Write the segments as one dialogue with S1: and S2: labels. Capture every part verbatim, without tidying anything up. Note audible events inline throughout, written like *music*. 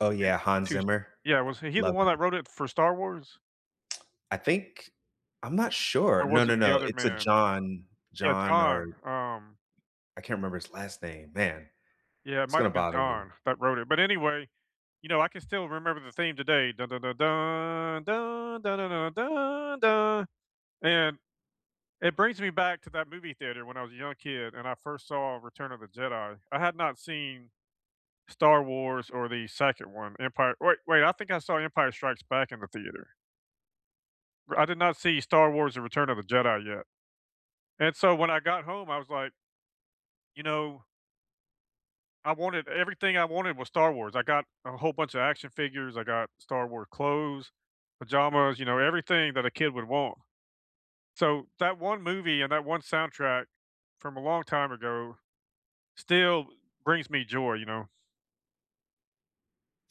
S1: Oh,
S2: *unintelligible*
S1: yeah, Hans
S2: To s
S1: Zimmer.
S2: Yeah, was h he
S1: Uh,
S2: the
S1: love
S2: one that
S1: him.
S2: wrote it for Star Wars?
S1: I think I'm not sure.
S2: Or
S1: No,
S2: was
S1: no,
S2: it the
S1: no,
S2: other
S1: it's a
S2: man?
S1: John
S2: Yeah,
S1: John
S2: John,
S1: or
S2: um
S1: I can't remember his last name. Man.
S2: Yeah, it
S1: It's
S2: might
S1: gonna
S2: have been
S1: bother me.
S2: John that wrote it but, anyway, you know, I can still remember the theme today. *humming* And, it brings me back to that movie theater when I was a young kid and I first saw Return of the Jedi. I had not seen Star Wars or the second one, Empire wait wait, I think I saw Empire Strikes Back in the theater. R I did not see Star Wars and Return of the Jedi yet, and so when I got home, I was like you know I wanted everything I wanted was Star Wars. I got a whole bunch of action figures, I got Star War clothes, pajamas, you know, everything that a kid would want. So that one movie and that one soundtrack from a long time ago still brings me joy, you know.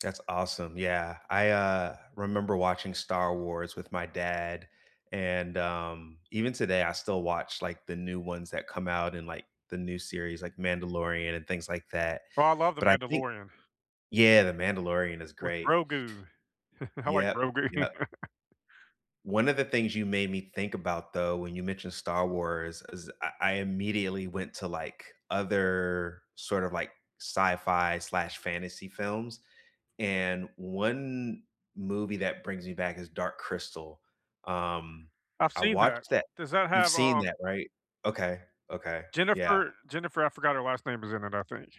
S1: That's awesome, yeah, I, uh, remember watching Star Wars with my dad, and, um, even today I still watch, like, the new ones that come out in, like, the new series, like, Mandalorian and things like that.
S2: Bro, I love The
S1: But I think
S2: Mandalorian.
S1: Yeah, The Mandalorian is
S2: With
S1: great.
S2: Grogu. *chuckles* I like
S1: Yep,
S2: Grogu.
S1: yep.
S2: *laughs*
S1: One of the things you made me think about, though, when you mentioned Star Wars is I I immediately went to, like, other sort of, like, sci-fi slash fantasy films, and one movie that brings me back is Dark Crystal, um,
S2: I've
S1: I
S2: seen that.
S1: watched that
S2: Does that
S1: You've
S2: have,
S1: seen
S2: um
S1: that, right? Okay, okay, yeah.
S2: Jennifer Jennifer I forgot her last name is in it, I think.